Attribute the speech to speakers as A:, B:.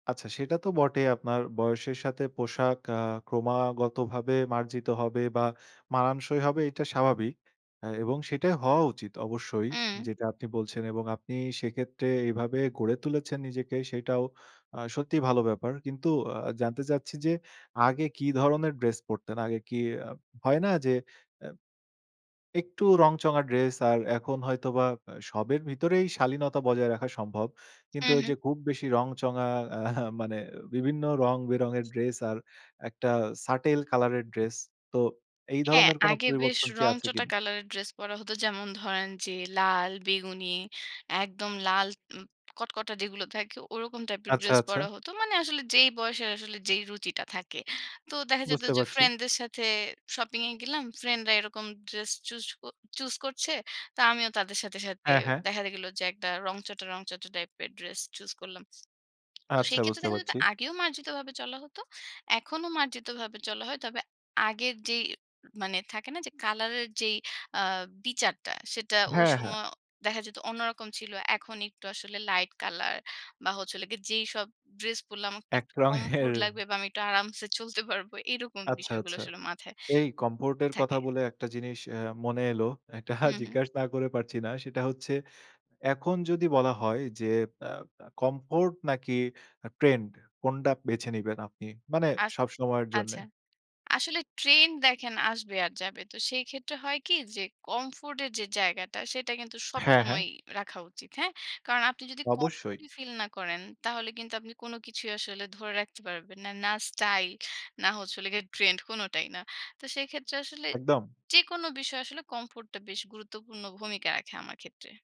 A: আচ্ছা সেটা তো বটেই আপনার বয়সের সাথে পোশাক আ ক্রমাগত ভাবে মার্জিত হবে বা মানানসই হবে এটা স্বাভাবিক। এ এবং সেটাই হওয়া উচিত অবশ্যই।
B: উম
A: যেটা আপনি বলছেন, এবং আপনি সেক্ষেত্রে এইভাবে গড়ে তুলেছেন নিজেকে সেটাও আ সত্যিই ভালো ব্যাপার। কিন্তু আ জানতে চাচ্ছি যে, আগে কি ধরনের ড্রেস পড়তেন, আগে কি হয় না যে, অ্যা একটু রংচঙা ড্রেস আর এখন হয়তোবা আ সবের ভিতরেই শালীনতা বজায় রাখা সম্ভব কিন্তু ওই
B: উহুম।
A: যে, খুব বেশি রংচঙা অ্যা মানে বিভিন্ন রং বেরঙের ড্রেস আর একটা settle কলার এর ড্রেস তো এই
B: হ্যাঁ,
A: ধরনের কোন
B: আগে বেশ
A: পরিবর্তন কি আছে
B: রংচটা
A: কিনা?
B: কালার এর ড্রেস পরা হতো। যেমন ধরেন যে, লাল, বেগুনি, একদম লাল উম কটকটা যেগুলো থাকে ওরকম টাইপের
A: আচ্ছা,
B: ড্রেস
A: আচ্ছা।
B: পরা হতো। মানে আসলে যেই বয়সের আসলে যেই রুচিটা থাকে। তো দেখা যেত
A: বুঝতে
B: যে,
A: পারছি।
B: ফ্রেন্ডদের সাথে শপিং এ গেলাম। ফ্রেন্ডরা এরকম ড্রেস চুস ক চুস করছে তো আমিও তাদের সাথে, সাথে
A: হ্যাঁ, হ্যাঁ।
B: দেখা গেল যে, একটা রংচটা, রংচটা টাইপের ড্রেস চুস করলাম। তো
A: আচ্ছা
B: সেই ক্ষেত্রে
A: বুঝতে
B: দেখা যেত
A: পারছি।
B: আগেও মার্জিতভাবে চলা হতো। এখনো মার্জিতভাবে চলা হয়। তবে আগের যেই মানে থাকে না যে, কালার এর যেই আ বিচারটা সেটা ওই
A: হ্যাঁ,
B: সম
A: হ্যাঁ।
B: দেখা যেত অন্যরকম ছিল। এখন একটু আসলে লাইট কালার বা হচ্ছে হলো গে যেইসব ড্রেস পড়লে আমাকে
A: এক
B: একটু
A: রঙের।
B: comfort লাগবে বা আমি একটু আরামসে চলতে পারব। এরকম
A: আচ্ছা,
B: বিষয়গুলো
A: আচ্ছা।
B: আসলে মাথায়
A: এই comfort এর কথা
B: থাকে।
A: বলে একটা জিনিস অ্যা মনে এলো, একটা
B: হুম, হুম।
A: জিজ্ঞেস না করে পারছি না। সেটা হচ্ছে এখন যদি বলা হয় যে, অ্যা, অ্যা comfort নাকি trend কোনটা বেছে নিবেন আপনি? মানে
B: আচ
A: সবসময়ের জন্যে।
B: আচ্ছা। আসলে ট্রেন্ড দেখেন আসবে আর যাবে। তো সেই ক্ষেত্রে হয় কি যে, comfort এর যে, জায়গাটা সেটা কিন্তু
A: হ্যাঁ, হ্যাঁ।
B: সবসময়ই রাখা উচিত। হ্যাঁ? কারণ আপনি যদি comfort
A: অবশ্যই।
B: ই ফিল না করেন তাহলে কিন্তু আপনি কোন কিছুই আসলে ধরে রাখতে পারবেন না। না স্টাইল, না হচ্ছে হলো গিয়ে ট্রেন্ড কোনটাই না। তো সেক্ষেত্রে আসলে
A: একদম।
B: যেকোনো বিষয় আসলে comfort টা বেশ গুরুত্বপূর্ণ ভূমিকা রাখে আমার ক্ষেত্রে।